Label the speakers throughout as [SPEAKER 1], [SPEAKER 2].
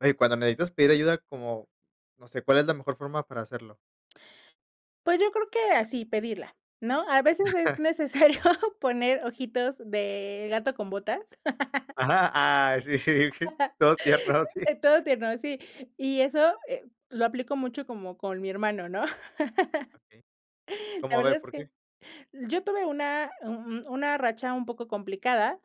[SPEAKER 1] Ey, cuando necesitas pedir ayuda, como, no sé, ¿cuál es la mejor forma para hacerlo?
[SPEAKER 2] Pues, yo creo que así, pedirla, ¿no?, a veces es necesario poner ojitos de gato con botas.
[SPEAKER 1] Ajá, ah, sí, todo tierno, sí.
[SPEAKER 2] Eh, todo tierno, sí, y eso, eh, lo aplico mucho como con mi hermano, ¿no?,
[SPEAKER 1] Okey,
[SPEAKER 2] la
[SPEAKER 1] ¿como, a
[SPEAKER 2] verdad
[SPEAKER 1] ver,
[SPEAKER 2] es
[SPEAKER 1] por
[SPEAKER 2] que,
[SPEAKER 1] qué?
[SPEAKER 2] yo tuve una u u una racha un poco complicada,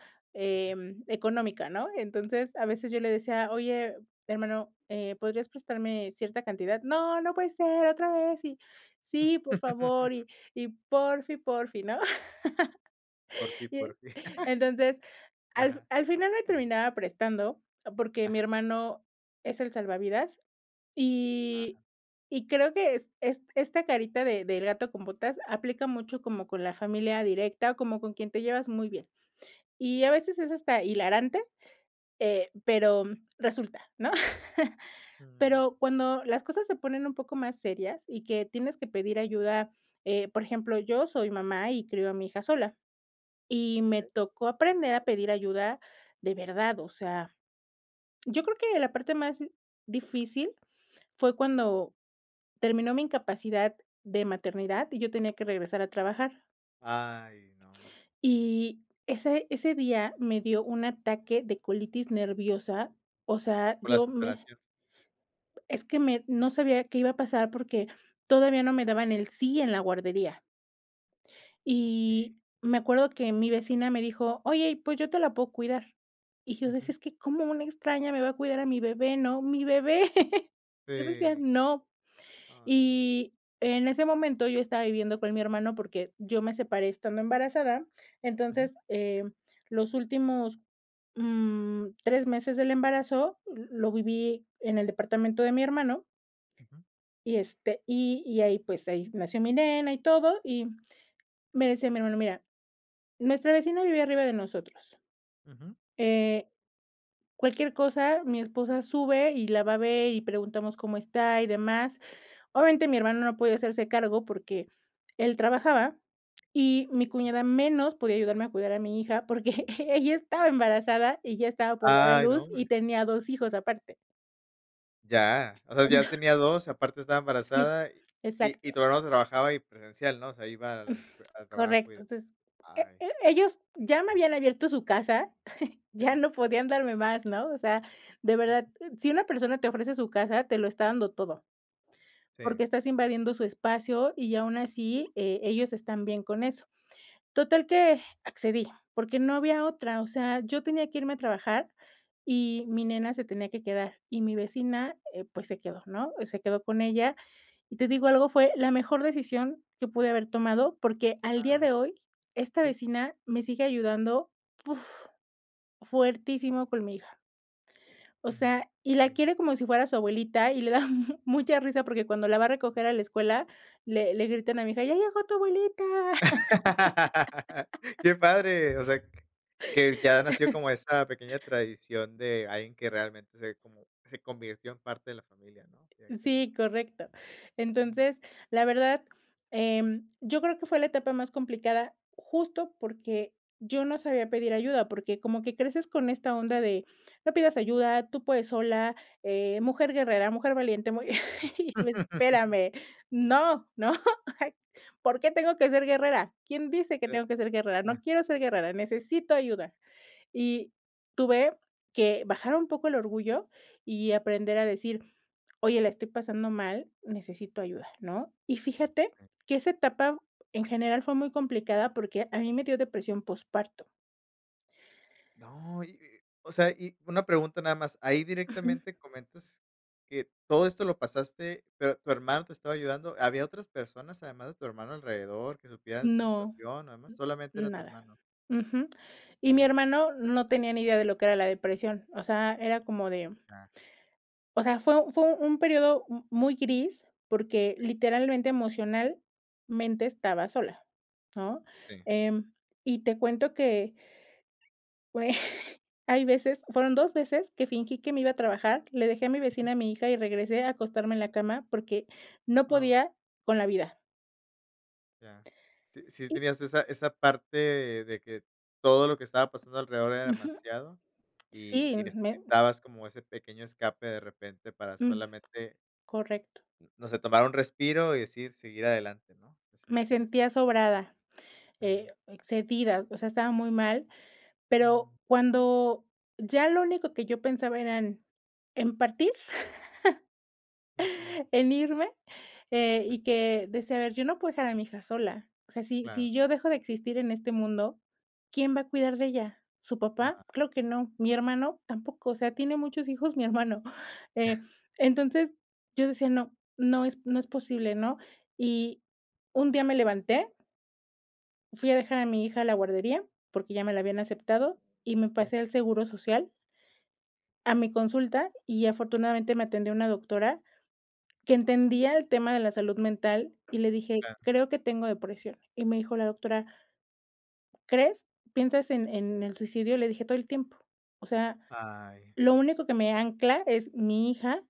[SPEAKER 1] Okey.
[SPEAKER 2] em, económica, ¿no?, entonces, a veces yo le decía: "Oye, hermano, eh, ¿podrías prestarme cierta cantidad?, no, no puede ser otra vez, y sí, por favor, y y porfi, porfi", ¿no?,
[SPEAKER 1] Por fi,
[SPEAKER 2] y,
[SPEAKER 1] por fi.
[SPEAKER 2] entonces, al fin
[SPEAKER 1] Ajá.
[SPEAKER 2] al final me terminaba prestando porque mi
[SPEAKER 1] Ajá.
[SPEAKER 2] hermano es el salvavidas,
[SPEAKER 1] Ajá.
[SPEAKER 2] y y creo que es es esta carita de del gato con botas aplica mucho como con la familia directa o como con quien te llevas muy bien, y a veces es hasta hilarante, eh, pero resulta, ¿no?,
[SPEAKER 1] Mm.
[SPEAKER 2] pero cuando las cosas se ponen un poco más serias y que tienes que pedir ayuda, eh, por ejemplo, yo soy mamá y crío a mi hija sola, y me
[SPEAKER 1] Okey.
[SPEAKER 2] tocó aprender a pedir ayuda de verdad, o sea, yo creo que la parte más difícil fue cuando terminó mi incapacidad de maternidad y yo tenía que regresar a trabajar.
[SPEAKER 1] Ay no, hombre.
[SPEAKER 2] Y ese ese día me dio un ataque de colitis nerviosa, o sea,
[SPEAKER 1] Por la
[SPEAKER 2] yo me
[SPEAKER 1] separación.
[SPEAKER 2] es que me, no sabía qué iba a pasar porque todavía no me daban el sí en la guardería
[SPEAKER 1] Okey.
[SPEAKER 2] Y me acuerdo, que mi vecina me dijo: "Oye, pues yo te la puedo cuidar", y yo decía:
[SPEAKER 1] Ujú.
[SPEAKER 2] "Es que, ¿cómo una extraña me va a cuidar a mi bebé?", ¿no?, mi bebé, yo decía:
[SPEAKER 1] Sí.
[SPEAKER 2] "No",
[SPEAKER 1] Ay.
[SPEAKER 2] y en ese momento yo estaba viviendo con mi hermano, porque, yo me separé estando embarazada,
[SPEAKER 1] Ujú.
[SPEAKER 2] entonces, eh, los últimos, mm, 3 meses del embarazo, lo viví en el departamento de mi hermano.
[SPEAKER 1] Ujú.
[SPEAKER 2] Y este, y y ahí pues ahí nació mi nena y todo, y me decía mi hermano: "mira nuestra vecina vive arriba de nosotros,
[SPEAKER 1] Ujú.
[SPEAKER 2] eh, cualquier cosa mi esposa sube y la va a ver, y preguntamos cómo está y demás", obviamente mi hermano, no puede hacerse cargo porque él trabajaba y mi
[SPEAKER 1] Ujú.
[SPEAKER 2] cuñada menos podía ayudarme a cuidar a mi hija, porque ella estaba embarazada y ya estaba por dar a
[SPEAKER 1] Ay no,
[SPEAKER 2] luz, y
[SPEAKER 1] hombre.
[SPEAKER 2] tenía 2 hijos aparte.
[SPEAKER 1] Ya, o sea,
[SPEAKER 2] Eh,
[SPEAKER 1] ya
[SPEAKER 2] no.
[SPEAKER 1] tenía 2, aparte estaba
[SPEAKER 2] Sí,
[SPEAKER 1] embarazada y y
[SPEAKER 2] exacto.
[SPEAKER 1] todavía no trabajaba, y presencial, ¿no?, o sea, iba a
[SPEAKER 2] Mm,
[SPEAKER 1] la al trabajo y
[SPEAKER 2] correcto,
[SPEAKER 1] demás,
[SPEAKER 2] entonces e
[SPEAKER 1] ay.
[SPEAKER 2] e ellos ya me habían abierto su casa, ya
[SPEAKER 1] Sí.
[SPEAKER 2] no podían darme más, ¿no?, o sea, de verdad, si una persona te ofrece su casa, te lo está dando todo,
[SPEAKER 1] Sí.
[SPEAKER 2] porque estás invadiendo su espacio, y aún así, eh, ellos están bien con eso, total que accedí, porque no había otra, o sea, yo tenía que irme a trabajar y mi nena se tenía que quedar, y mi vecina, eh, pues, se quedó, ¿no?, se quedó con ella, y te digo algo, fue la mejor decisión que pude haber tomado, porque al día
[SPEAKER 1] Ay.
[SPEAKER 2] de hoy esta
[SPEAKER 1] Sí.
[SPEAKER 2] vecina me sigue ayudando, ¡uf!, fuertísimo, con mi hija. O
[SPEAKER 1] Mm,
[SPEAKER 2] sea, y
[SPEAKER 1] que
[SPEAKER 2] la
[SPEAKER 1] lindo.
[SPEAKER 2] quiere como si fuera su abuelita y le da mucha risa porque cuando la va a recoger a la escuela, le le gritan a mi hija "¡Ya llegó tu abuelita!".
[SPEAKER 1] Qué padre, o sea, que ya nació como esa pequeña tradición, de alguien que realmente se como, se convirtió, en parte de la familia, ¿no?, directamente.
[SPEAKER 2] Sí, correcto, entonces, la verdad, em, yo creo que fue la etapa más complicada, justo porque, yo no sabía pedir ayuda, porque como que creces con esta onda de, no pidas ayuda, tú puedes sola, eh, mujer guerrera, mujer valiente, muy, y tú, espérame, ¡no! ¿no?, ah, ¿por qué tengo que ser guerrera?, ¿quién dice
[SPEAKER 1] O
[SPEAKER 2] que
[SPEAKER 1] sea,
[SPEAKER 2] tengo que ser guerrera?, no
[SPEAKER 1] ah.
[SPEAKER 2] quiero ser guerrera, necesito ayuda, y tuve que bajar un poco el orgullo y aprender a decir: "Oye, la estoy pasando mal, necesito ayuda", ¿no?, y fíjate
[SPEAKER 1] Sí.
[SPEAKER 2] que esa etapa en general fue muy complicada, porque a mí me dio depresión posparto.
[SPEAKER 1] No, y y, o sea, y una pregunta nada más, ahí
[SPEAKER 2] Ujú.
[SPEAKER 1] directamente comentas que todo esto lo pasaste, pero tu hermano te estaba ayudando, ¿había otras personas además de tu hermano alrededor, que supieran de esta
[SPEAKER 2] No,
[SPEAKER 1] situación, además solamente era
[SPEAKER 2] n
[SPEAKER 1] tu
[SPEAKER 2] nada,
[SPEAKER 1] hermano?
[SPEAKER 2] ujú, y mi
[SPEAKER 1] Ya.
[SPEAKER 2] hermano no tenía ni idea de lo que era la depresión, o sea, era como de.
[SPEAKER 1] Ya.
[SPEAKER 2] O sea, fue fue un periodo m muy gris, porque literalmente emocionalmente estaba sola, ¿no?,
[SPEAKER 1] Sí.
[SPEAKER 2] em, y te cuento que. hay veces, fueron 2 veces que fingí que me iba a trabajar, le dejé a mi
[SPEAKER 1] Ujú.
[SPEAKER 2] vecina, a mi hija, y regresé a acostarme en la cama, porque, no
[SPEAKER 1] Ah.
[SPEAKER 2] podía, con la vida.
[SPEAKER 1] Ya. Sí sí
[SPEAKER 2] Y
[SPEAKER 1] tenías esa esa parte de que todo lo que estaba pasando alrededor era
[SPEAKER 2] Ujú.
[SPEAKER 1] demasiado, y
[SPEAKER 2] Sí,
[SPEAKER 1] y
[SPEAKER 2] me
[SPEAKER 1] necesitabas como ese pequeño escape de repente para
[SPEAKER 2] Mm,
[SPEAKER 1] solamente
[SPEAKER 2] correcto.
[SPEAKER 1] no sé, tomar un respiro y decidir seguir adelante, ¿no?
[SPEAKER 2] Me
[SPEAKER 1] Cívicamente.
[SPEAKER 2] sentía sobrada,
[SPEAKER 1] Eh.
[SPEAKER 2] eh, excedida, o sea, estaba muy mal. Pero,
[SPEAKER 1] Mm.
[SPEAKER 2] cuando ya lo único que yo pensaba era en en partir,
[SPEAKER 1] Ujú.
[SPEAKER 2] en irme, eh, y que decía: "A ver, yo no puedo dejar a mi hija sola. O sea, si
[SPEAKER 1] Claro.
[SPEAKER 2] si yo dejo de existir en este mundo, ¿quién va a cuidar de ella? ¿Su papá?
[SPEAKER 1] Ay.
[SPEAKER 2] Claro que no, ¿mi hermano? Tampoco". O sea, tiene muchos hijos mi hermano, eh, entonces, yo decía: "No no no es no es posible, ¿no?" Y un día me levanté fui a dejar a mi hija a la guardería, porque, ya me la habían aceptado, y me
[SPEAKER 1] E.
[SPEAKER 2] pasé al seguro social a mi consulta, y afortunadamente me atendió una doctora que entendía el tema de la salud mental y le dije:
[SPEAKER 1] Claro.
[SPEAKER 2] "Creo que tengo depresión". Y me dijo la doctora "¿Crees? ¿Piensas en en el suicidio?" Le dije: "Todo el tiempo. O sea,
[SPEAKER 1] Ay.
[SPEAKER 2] lo único que me ancla es mi hija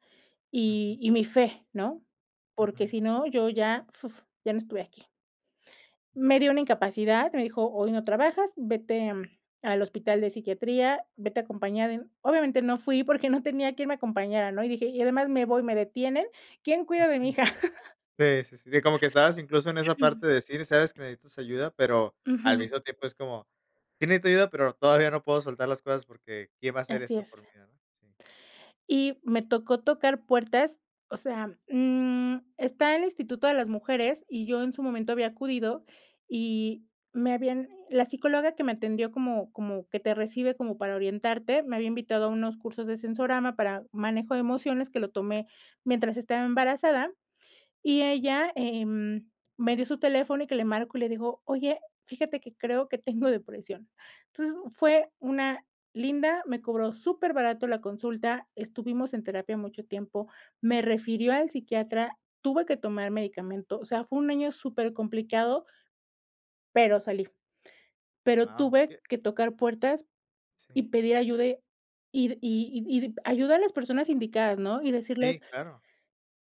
[SPEAKER 1] Ujú.
[SPEAKER 2] y y mi fé, ¿no? Porque,
[SPEAKER 1] Ujú.
[SPEAKER 2] si no, yo ya, fuf, ya no estuviera aquí" me dió una incapacidad, me dijo: "Hoy no trabajas, vete, mm, al hospital de psiquiatría, vete a acompañada de" obviamente, no fui porque, no tenía quien me acompañara, ¿no? Y dije: "Y además me voy, me detienen, ¿quién cuida de mi
[SPEAKER 1] Ujú.
[SPEAKER 2] hija?"
[SPEAKER 1] Sí, sí, sí, de como que estabas incluso en esa parte de decir, sabes que necesitas ayuda, pero, al
[SPEAKER 2] Ujú.
[SPEAKER 1] mismo tiempo es como: "Sí necesito ayuda, pero, todavía no puedo soltar las cosas porque, ¿quién va a hacer
[SPEAKER 2] Así
[SPEAKER 1] esto
[SPEAKER 2] es.
[SPEAKER 1] por mí, no?"
[SPEAKER 2] Y me tocó tocar puertas. O sea, mm, está el Instituto de las Mujeres y yo en su momento había acudido y me habían la psicóloga que me atendió como como que te recibe como para orientarte, me había invitado a unos cursos de sensorama para manejo de emociones que lo tomé mientras estaba embarazada y ella, em, me dio su teléfono y que le marcó y le dijo: "Oye, fíjate que creo, que tengo depresión". Entonces, fue una linda, me cobró súper barato la consulta, estuvimos en terapia mucho tiempo, me refirió al psiquiatra, tuve que tomar medicamento, o sea, fue un año súper complicado pero, salí. Pero,
[SPEAKER 1] Guau,
[SPEAKER 2] tuve
[SPEAKER 1] qué
[SPEAKER 2] que tocar puertas y
[SPEAKER 1] Sí.
[SPEAKER 2] pedir ayuda ir, y y y ayuda a las personas indicadas, ¿no? Y decirles
[SPEAKER 1] Sí, claro.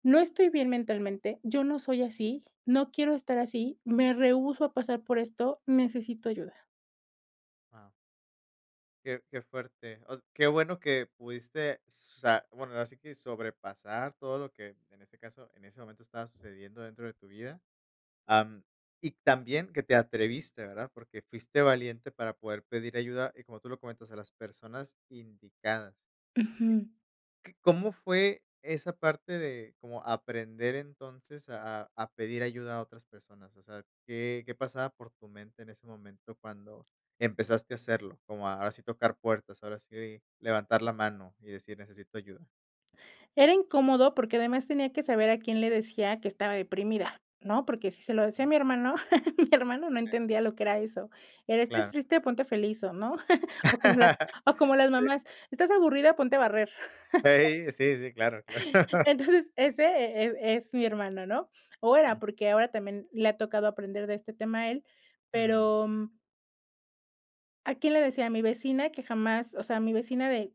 [SPEAKER 2] no estoy bien mentalmente, yo no soy así, no quiero estar así, me rehúso a pasar por esto, necesito ayuda.
[SPEAKER 1] Guau. Qué qué fuerte. Os qué bueno que pudiste, o sea, bueno, ahora sí que sobrepasar todo lo que, en ese caso, en ese momento estaba sucediendo dentro de tu vida, am, y también que te atreviste, ¿verdad? Porque fuiste valiente para poder pedir ayuda, y como tú lo comentas, a las personas indicadas,
[SPEAKER 2] Ujú.
[SPEAKER 1] eh, ¿c cómo fue esa parte de cómo aprender entonces a a a pedir ayuda a otras personas? O sea, ¿qué qué pasaba por tu mente en ese momento cuando empezaste a hacerlo? Como a ahora sí tocar puertas, ahora sí levantar la mano y decir: "Necesito ayuda".
[SPEAKER 2] Era incómodo porque además tenía que saber a quién le decía que estaba deprimida, ¿no? Porque si se lo decía a mi hermano, mi hermano no
[SPEAKER 1] Sí.
[SPEAKER 2] entendía lo que era eso. Era: "¿Estás
[SPEAKER 1] Claro.
[SPEAKER 2] triste? Ponte feliz, o ¿no?" O como las o como las
[SPEAKER 1] Sí.
[SPEAKER 2] mamás: "¿Estás aburrida? Ponte a barrer·.
[SPEAKER 1] Hey, sí, sí, claro, claro.
[SPEAKER 2] Entonces, ese e e es mi hermano, ¿no? O era,
[SPEAKER 1] Mm.
[SPEAKER 2] porque ahora también le ha tocado aprender de este tema a él,
[SPEAKER 1] Jum.
[SPEAKER 2] pero ¿a quién le decía? A mi vecina que jamás, o sea, mi vecina de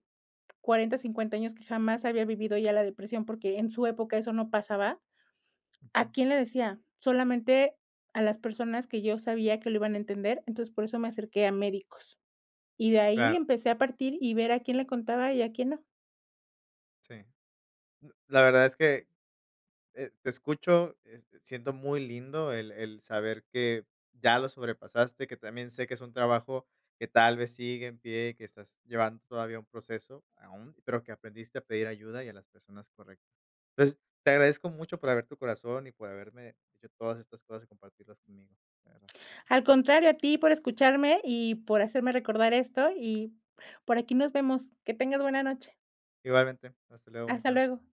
[SPEAKER 2] 40, 50 años que jamás había vivido ella la depresión porque en su época eso no pasaba,
[SPEAKER 1] Ujú.
[SPEAKER 2] ¿a quién le decía? Solamente a las personas que yo sabía que lo iban a entender, entonces por eso me acerqué a médicos. Y de ahí
[SPEAKER 1] Claro.
[SPEAKER 2] empecé a partir y ver a quién le contaba y a quién no.
[SPEAKER 1] Sí. Mm, la verdad es que, eh, te escucho, este, siento muy lindo el el saber que ya lo sobrepasaste, que también sé que es un trabajo que tal vez sigue en pie, que estás llevando todavía un proceso aún, pero que aprendiste a pedir ayuda y a las personas correctas. Pues, te agradezco mucho por abrir tu corazón y por haberme dicho todas estas cosas y compartirlas conmigo, de verdad.
[SPEAKER 2] Al contrario a ti por escucharme y por hacerme recordar esto y por aquí nos vemos. Que tengas buena noche.
[SPEAKER 1] Igualmente, hasta luego, bonita
[SPEAKER 2] Hasta
[SPEAKER 1] no
[SPEAKER 2] luego.